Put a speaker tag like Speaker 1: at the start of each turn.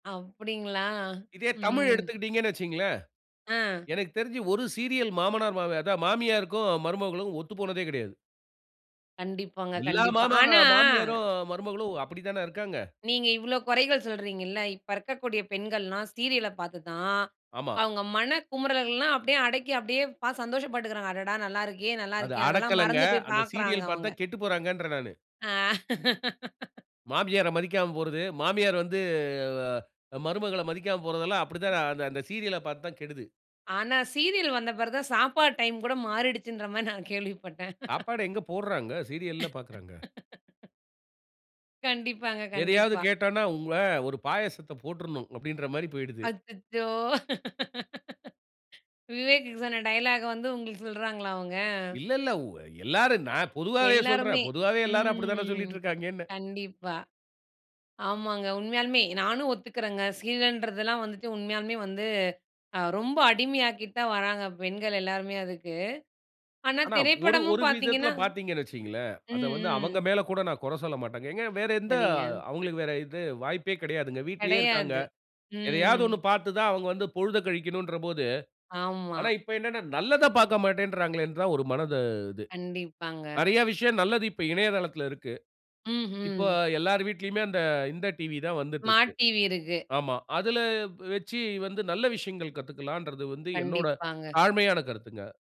Speaker 1: அப்டிங்களா
Speaker 2: இதே தமிழ்
Speaker 1: ம்.
Speaker 2: எடுத்துக்கிட்டீங்கணு வைச்சுங்களேன்.
Speaker 1: அ.
Speaker 2: எனக்குத் தெரிஞ்சு ஒரு சீரியல் மாமனார் மா அதா மாமியாருக்கும் மருமகளும் ஒத்து போனதே கிடையாது.
Speaker 1: கண்டிப்பாங்க
Speaker 2: எல்லா
Speaker 1: கண்டிப்பா,
Speaker 2: மாமாக
Speaker 1: ஆனா.
Speaker 2: மாமியாரும் மருமகளும்
Speaker 1: ம்.
Speaker 2: அப்படித்தான இருக்காங்க?
Speaker 1: நீங்க இவ்ளோ குறைகள் சொல்றீங்கள்ள, இப்ப இருக்கக்கூடிய பெண்கள்லாம் ஸீரியல பார்த்து தான்,
Speaker 2: ஆமா.
Speaker 1: அவங்க மனக்குமரல்லாம் அப்டியே அடக்கி அப்டியே பாத் சந்தோஷப்பட்டுகிறாங்க, அடடா! நல்லாருக்கே
Speaker 2: அது
Speaker 1: நல்லாருக்கே, அதெல்லாம்
Speaker 2: அடக்கல்லங்க,
Speaker 1: மறந்து போய்
Speaker 2: அந்த
Speaker 1: பார்க்குறாங்க
Speaker 2: சீரியல் பார்த்து
Speaker 1: அவங்க.
Speaker 2: தான் கெட்டுப்போறாங்கன்றேன் நானு.
Speaker 1: ஆ.
Speaker 2: மாமியார மதிக்காம போறது, மாமியார் வந்து, ஆ மருமகள மதிக்காம போறதெல்லாம் அப்படித்தான் அந்த சீரியல்ல பார்த்து தான் கெடுது.
Speaker 1: ஆனா சீரியல் வந்த பிறகு தான் சாப்பாடு டைம் கூட மாறிடுச்சுன்ற மாரி நா கேள்விப்பட்டேன்.
Speaker 2: சாப்பாடு எங்க போடுறாங்க? சீரியல்ல பாக்குறாங்க.
Speaker 1: கண்டிப்பாங்க
Speaker 2: எதையாது
Speaker 1: கண்டிப்பா.
Speaker 2: கேட்டோம்னா உங்கள, "ஒரு பாயாசத்த போட்டுருணும்" அப்டின்ன்ற மாரி போய்டுது.
Speaker 1: அச்சச்சோ! விவேக் சொன்ன டயலாக்க வந்து உங்களுக்கு சொல்றாங்களா அவங்க?
Speaker 2: இல்ல, இல்ல. உ எல்லாரும் நான் பொதுவாவே சொல்றேன்,
Speaker 1: எல்லாருமே
Speaker 2: பொதுவாவே எல்லாரும் அப்படித்தானே
Speaker 1: ம்
Speaker 2: சொல்லிட்டு இருக்கிறாங்கன்னே.
Speaker 1: கண்டிப்பா. ஆமாங்க உண்மையாலுமே நானும் ஒத்துக்கிறேங்க. சீரியலன்றதெல்லாம் வந்துட்டு உண்மையாலுமே வந்து அ ரொம்ப அடிமையாக்கிட்டு தான் வராங்க பெண்கள் எல்லாருமே அதுக்கு, ஆனா
Speaker 2: ஆனா ஒரு
Speaker 1: திரைப்படமும்
Speaker 2: ஒரு விதத்தில
Speaker 1: பார்த்தீங்கன்னா
Speaker 2: பார்த்தீங்கனு வச்சுங்களேன், அத
Speaker 1: ம்
Speaker 2: வந்து
Speaker 1: ம்.
Speaker 2: அவங்க மேலே கூட நான் குறை சொல்லமாட்டேங்க. எங்க வேற எந்த
Speaker 1: சரிங்க.
Speaker 2: அவங்களுக்கு வேற இது வாய்ப்பே கிடையாதுங்க. வீட்லயே இருக்கிறாங்க.
Speaker 1: கெடையாது,
Speaker 2: எதையாவது 1
Speaker 1: ம்.
Speaker 2: பார்த்து தான் அவங்க வந்து பொழுதக் கழிக்கனும்ன்ன்ற போது,
Speaker 1: ஆமா.
Speaker 2: ஆனா, இப்போ என்னனா நல்லதப் பார்க்கமாட்டேன்றாங்களேனு தான் ஒரு மனது இது.
Speaker 1: கண்டிப்பாங்க.
Speaker 2: நிறைய விஷயம் நல்லது இப்போ இணையதளத்தில இருக்கு. இப்போ
Speaker 1: ம்ஹ்ம்.
Speaker 2: எல்லார் வீட்டிலுமே அந்த, இந்த டிவி தான் வந்துட்டு
Speaker 1: ஸ்மார்ட்
Speaker 2: இருக்கு,
Speaker 1: டிவி இருக்கு.
Speaker 2: ஆமா. அதில வெச்சு வந்து நல்ல விஷயங்கள் கத்துக்கலாம்ன்றது வந்து என்னோட
Speaker 1: கண்டிப்பாங்க.
Speaker 2: தாழ்மையான கருத்துங்க.